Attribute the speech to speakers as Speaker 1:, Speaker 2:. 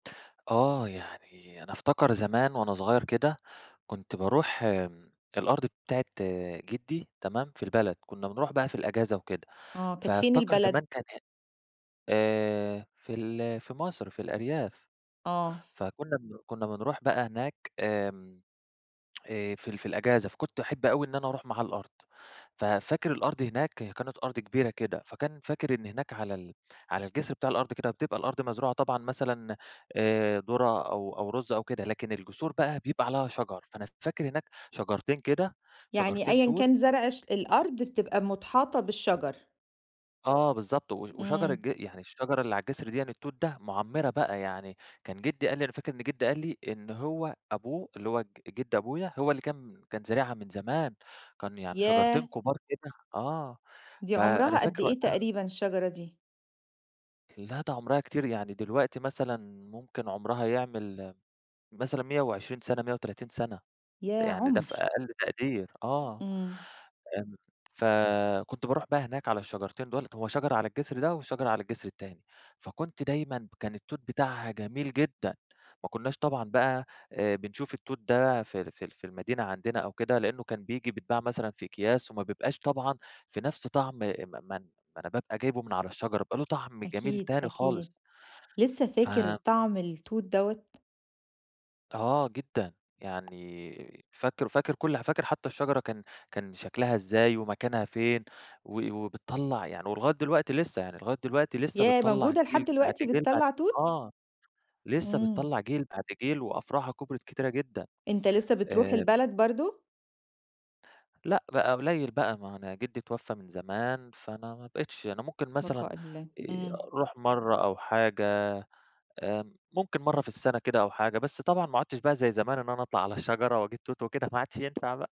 Speaker 1: آه، يعني أنا أفتكر زمان وأنا صغير كده كنت بارُوح آمم، الأرض بتاعة جِدي تمام؟ في البلد كنا بنرُوح بقى في الأجازة وكده،
Speaker 2: آه، كانت فين
Speaker 1: فأفتكر
Speaker 2: البلد؟
Speaker 1: زمان كان ه آآ، في ال في مَصر في الأرياف،
Speaker 2: آه.
Speaker 1: فكنا بن- كنا بنرُوح بقى هناك آمم، آآ، في ال في الأجازة، فكنت أحب أوي إن أنا أرُوح معاه الأرض، ففاكر الأرض هناك كانت أرض كبيرة كده، فكان فاكر إن هناك على ال على الجسر بتاع الأرض كده بتبقى الأرض مزروعة طبعًا مثلًا آآ، درة أو أو رز أو كده، لكن الجسور بقى بيبقى عليها شجر، فأنا فاكر هناك شجرتين كده،
Speaker 2: يعني
Speaker 1: شجرتين
Speaker 2: أيًا
Speaker 1: توت.
Speaker 2: كان زرْع الش الأرض بتبقى متحاطة بالشجر؟
Speaker 1: آه، بالضبط و وشجر
Speaker 2: إمم.
Speaker 1: ج يعني الشجرة اللي على الجسر ديًا التوت ده مُعمرة بقى يعني كان جِدي قال لي أنا فاكر إن جِدي قال لي، إن هو أبوه اللي هو ج جِد أبويا هو اللي كان كان زارعها من زمان، كان يعني شجرتين
Speaker 2: ياه!
Speaker 1: كُبار كده آه
Speaker 2: دي
Speaker 1: فأنا
Speaker 2: عُمرها قد
Speaker 1: فاكر
Speaker 2: إيه
Speaker 1: وقتها
Speaker 2: تقريبًا الشجرة دي؟
Speaker 1: لا ده عُمرها كتير يعني دلوقتي مثلًا ممكن عُمرها يعمل مثلًا 120 سَنة، 130 سَنة
Speaker 2: ياه!
Speaker 1: يعني ده في
Speaker 2: عُمْر.
Speaker 1: أقل تقدير آه.
Speaker 2: إمم.
Speaker 1: آمم، فكنت بارُوح بقى هناك على الشجرتين دُوُل هو شجرة على الجسر ده وشجرة على الجسر التاني، فكنت دايمًا كان التوت بتاعها جميل جدًا، ما كناش طبعًا بقى بنشوف التوت ده في ال في ال في المدينة عندنا أو كده لإنه كان بييجي بيتباع مثلًا في أكياس وما بيبقاش طبعًا في نُفْس طَعم م ما أنا بابقى جايبه من على الشجرة بيبقى له طَعم جميل
Speaker 2: أكيد،
Speaker 1: تاني خالص.
Speaker 2: أكيد، لسه فاكر
Speaker 1: ف
Speaker 2: طعم التوت دوّة؟
Speaker 1: آه، جدًا يعني فاكر فاكر كُلّ حا فاكر حتى الشجرة كان كان شكلها إزاي ومكانها فين، و وبتطلّع يعني ولغاية دلوقتي لسه يعني لغاية دلوقتي لسه
Speaker 2: ياه!
Speaker 1: بتطلّع
Speaker 2: موجودة
Speaker 1: جيل
Speaker 2: لحد
Speaker 1: بعد
Speaker 2: دلوقتي
Speaker 1: جيل بعد
Speaker 2: بتطلّع توت؟
Speaker 1: آه، لسه
Speaker 2: إمم.
Speaker 1: بتطلّع جيل بعد جيل وأفرُعها كُبرت كتيرة جدًا
Speaker 2: أنت لسه بترُوح
Speaker 1: آآ
Speaker 2: البلد برضه؟
Speaker 1: لأ بقى قُليل بقى ما هو أنا جِدي اتوفى من زمان، فأنا ما بقيتش، أنا ممكن مثلًا
Speaker 2: البقاء لله،
Speaker 1: آآ
Speaker 2: إمم.
Speaker 1: أرُوح مرّة أو حاجة آمم ممكن مرّة في السَنة كده أو حاجة، بس طبعًا ما عُدتش بقى زي زمان إن أنا أطلَع على الشجرة وأجيب توت وكده ما عدش ينفع بقى.